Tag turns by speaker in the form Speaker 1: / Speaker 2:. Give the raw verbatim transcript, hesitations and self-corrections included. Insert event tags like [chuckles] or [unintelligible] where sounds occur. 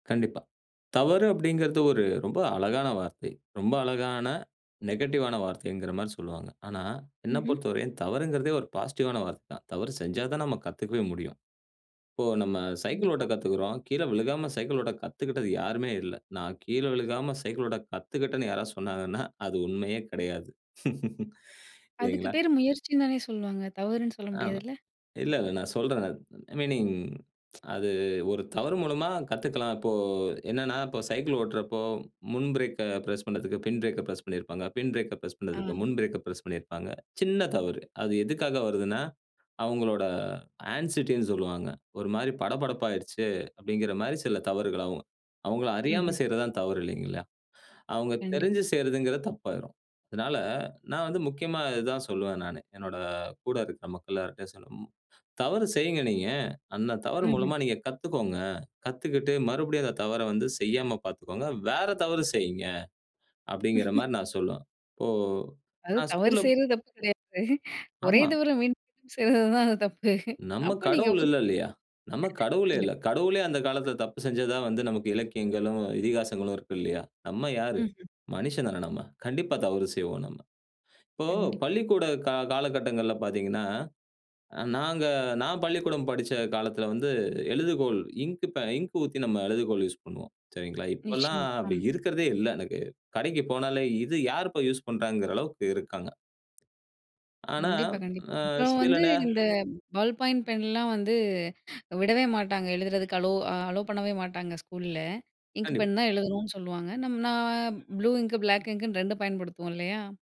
Speaker 1: கண்டிப்பா. தவறு அப்படிங்கிறது ஒரு ரொம்ப அழகான வார்த்தை. ரொம்ப அழகான நெகட்டிவ்வான வார்த்தைங்கிற மாரி சொல்லுவாங்க. ஆனா என்ன
Speaker 2: ம்ஹ்ம்.
Speaker 1: பொறுத்தவரையும் தவறுங்கிறதே ஒரு பாசிட்டிவ்வான வார்த்தை தான். தவறு செஞ்சா தான் நாம் கத்துக்கவே முடியும். இப்போ நம்ம சைக்கிள்
Speaker 2: கண்டிப்பா.
Speaker 1: ஓட்ட கத்துக்கிறோம். கீழ விழுகாம சைக்கிள் ஓட்ட கத்துக்கிட்டது யாருமே இல்ல. நான் கீழ விழுகாம சைக்கிள் ஓட்ட கத்துக்கிட்டன்னு யாராவது சொன்னாங்கன்னா. அது உண்மயே கிடையாது. [laughs]
Speaker 2: அதுக்கு
Speaker 1: இல்லைங்களா?
Speaker 2: பேர் முயற்சின்னு தானே சொல்லுவாங்க? தவறுன்னு சொல்ல
Speaker 1: அ.
Speaker 2: முடியாதுல்ல!
Speaker 1: இல்ல இல்ல நான் சொல்றேன், அ ஐ மீனிங். [tsk] அது ஒரு தவறு மூலமா கத்துக்கலாம். இப்போ என்னன்னா, இப்ப சைக்கிள் ஓட்டுறப்போ, முன் பிரேக் அ பிரஸ் பண்ணதுக்கு பின் பிரேக் அ பிரஸ் பண்ணிருப்பாங்க, பின் பிரேக்க பிரஸ் பண்ணதுக்கு
Speaker 2: அ.
Speaker 1: முன் பிரேக் அ பிரஸ் பண்ணிருப்பாங்க. சின்ன தவறு. அது எதுக்காக வருதுன்னா, அவங்களோட ஆன்சிட்டி ன்னு சொல்லுவாங்க. ஒரு மாரி படபடப்பா ஆகிடுச்சு. அப்படிங்கிற மாரி சில தவறுகள் ஆகும். அவங்கள அறியாம
Speaker 2: ம்ஹ்ம்.
Speaker 1: செய்றதுதான் தவறு இல்லைங்களா, அவங்க
Speaker 2: கண்டிப்
Speaker 1: தெரிஞ்சு செய்றதுங்கிறது தப்பாயிரும். அதனால நான் வந்து முக்கியமா இது தான் சொல்லுவேன் நானு, என்னோட கூட இருக்க மக்கள் எல்லார்கிட்டயும் சொல்லும். மு. தவறு செய்ங்க நீங்க. அந்த தவறு
Speaker 2: ம்ஹ்ம்.
Speaker 1: மூலமா நீங்க கத்துக்கோங்க. கத்துக்கிட்டு மறுபடியும் அந்த தவற வந்து செய்யாம பார்த்துக்கோங்க. வேற தவறு செய்யுங்க. அப்படிங்கிற
Speaker 2: [chuckles]
Speaker 1: மாரி நான் சொல்லுவேன். இப்போ
Speaker 2: அது
Speaker 1: நான்
Speaker 2: தவறு
Speaker 1: ஸ்கூல்ல
Speaker 2: செய்றது தப்பு கிடையாது. ஒரே
Speaker 1: ஆமா.
Speaker 2: தவற மீண்டும் மீண்டும் செய்றது தான் தப்பு.
Speaker 1: நம்ம
Speaker 2: அப்ப நீங்க
Speaker 1: கடவுள்
Speaker 2: ஒத்.
Speaker 1: இல்ல
Speaker 2: [unintelligible]
Speaker 1: இல்லயா? நம்ம கடவுளே
Speaker 2: கண்டிப்.
Speaker 1: இல்ல. கடவுளே அந்த காலத்தில தப்பு செஞ்சதா வந்து நமக்கு இலக்கியங்களும், இதிகாசங்களும் இருக்கு இல்லயா? நம்ம யாரு?
Speaker 2: ம்ஹ்ம்.
Speaker 1: மனிஷன் தானே நம்ம. கண்டிப்பா தவறு செய்வோம் நம்ம. இப்போ
Speaker 2: கண்டிப்பா.
Speaker 1: பள்ளிக்கூட கா காலகட்டங்கள்ல பார்த்தீங்கன்னா. அ நாங்க நான் பள்ளிக்கூடம் படிச்ச காலத்தில வந்து எழுதுகோள் இங்க் இங்க் ஊத்தி நம்ம எழுதுகோள் யூஸ் பண்ணுவோம். சரிங்களா. இப்பல்லாம்
Speaker 2: நிச்சயமா,
Speaker 1: அப்படி
Speaker 2: ஆமா.
Speaker 1: இருக்கதே இல்ல எனக்கு. கடைக்கு போனாலே, இது யார் இப்ப யூஸ் பண்ணறாங்கங்கிற அளவுக்கு இருக்காங்க. ஆனா
Speaker 2: கண்டிப்பா கண்டிப்பா.
Speaker 1: அ
Speaker 2: இப்ப
Speaker 1: சில
Speaker 2: வந்து
Speaker 1: நே
Speaker 2: இந்த பல் பாயிண்ட் பென்லாம் வந்து விடவே மாட்டாங்க எழுதுறதுக்கு அலோ, அலோ பண்ணவே மாட்டாங்க ஸ்கூல்ல. இங்க்
Speaker 1: கண்டிப்பா.
Speaker 2: பென் தான் எழுதணுன்னு சொல்லுவாங்க. நம்ம நான் ப்ளூ இங்க், பிளாக் இங்க்ன்னு ரெண்டு பயன்படுத்துவோம் இல்லயா?